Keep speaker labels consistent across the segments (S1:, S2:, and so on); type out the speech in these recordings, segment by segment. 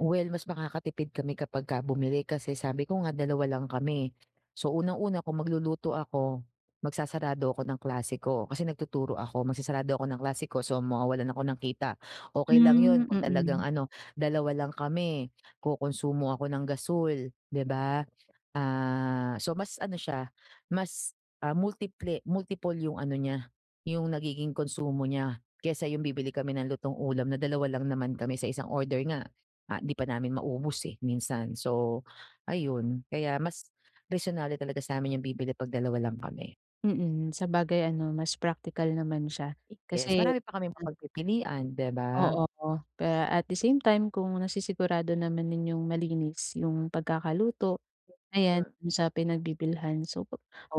S1: Well, mas makakatipid kami kapag ka bumili kasi sabi ko nga dalawa lang kami. So, unang-una kung magluluto ako, magsasarado ako ng klase ko kasi nagtuturo ako. Magsasarado ako ng klase ko, so, mawawalan ako ng kita, okey lang
S2: Hmm,
S1: yun kung talagang
S2: mm.
S1: ano, dalawa lang kami. Kukonsumo ako ng gasul di ba, ah, so mas ano siya, mas ah, multi-ple multiple yung ano niya yung nagiging konsumo niya, kaysa yung bibili kami ng lutong-ulam na dalawa lang naman kami, sa isang order nga ah, 'di pa namin maubos eh, minsan. So ayun, kaya mas resonable talaga sa’min yung bibili ‘pag dalawa lang kami.
S2: Mm, sabagay ano mas praktikal naman siya kasi
S1: Yes, marami pa kaming mapagpipilian, di ba?
S2: Oo, oh, kaya at the same time kung nasisigurado naman ninyong yung malinis yung pagkakaluto ayan
S1: Mm.
S2: do’n sa pinagbibilhan, so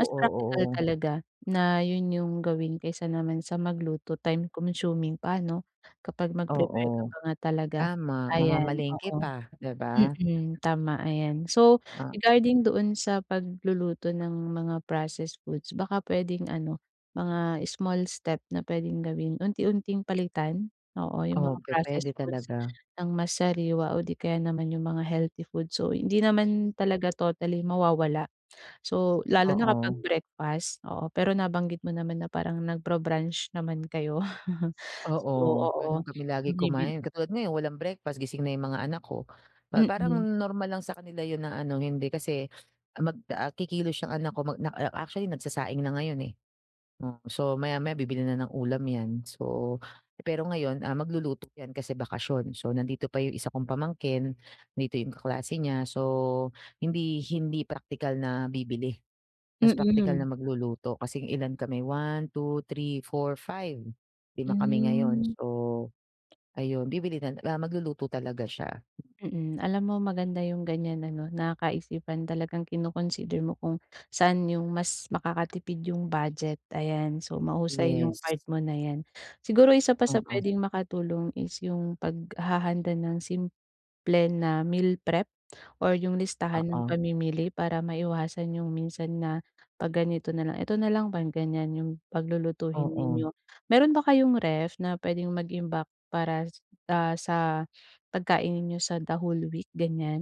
S2: mas praktikal
S1: oo.
S2: talaga na ‘yon, yung gawin kaysa naman sa magluto, time-consuming pa 'no kapag mag-prepare ka
S1: Oo.
S2: pa nga talaga
S1: tama.
S2: ayan
S1: Mamamalengke
S2: oo.
S1: pa, di ba?
S2: Mm, tama ayan. So,
S1: Ah, hmm.
S2: regarding doon sa pagluluto ng mga processed foods baka pwedeng ano, mga small step na pwedeng gawin, unti-unting palitan, oo yung mga
S1: Okey, pwede
S2: processed foods
S1: talaga.
S2: ng mas sariwa o di kaya naman yung mga healthy food, so hindi naman talaga totally mawawala. So, lalo na kapag
S1: Oo.
S2: breakfast oo pero nabanggit mo naman na parang nagbra-brunch naman kayo.
S1: Oo, gano’n
S2: Oo,
S1: kami lagi
S2: bumibili
S1: kumain. Katulad ngayon walang breakfast gising na yung mga anak ko, pa parang
S2: Mm.
S1: normal lang sa kanila 'yon na ano hindi kasi mag ah, kikilos ang anak ko, mag nak ac actually nagsasaing na ngayon, eh. Oh, so maya-maya bibili na ng ulam 'yan, so pero ngayon, ah, magluluto yan kasi bakasyon, so nandito pa yung isa kong pamangkin, 'dito yung kaklase niya so hindi hindi praktikal na bibili. Mas praktikal na
S2: Mm.
S1: magluluto kasi ilan kami, 1, 2, 3, 4, 5. Lima kami ngayon,
S2: Hmm.
S1: so ayun bibili nala ah, magluluto talaga siya.
S2: Mm, alam mo maganda yu'ng ganyan ano na kaisipan talagang kino-consider mo kung saan yung mas makakatipid yung budget ayan, so, mahusay yung
S1: Yes.
S2: part mo na 'yan. Siguro isa pa sa
S1: Mm.
S2: pwedeng makatulong is yung paghahanda ng simple na meal prep or yung listahan ng
S1: Oo.
S2: pamimili para maiwasan yung minsan na, "‘Pag ganito na lang, ito na lang" 'pag ganyan yung paglulutuhin
S1: Oo.
S2: ninyo. Meron ba kayong ref na pwedeng mag-imbak para s ah sa pagkain ninyo sa the whole week ganyan?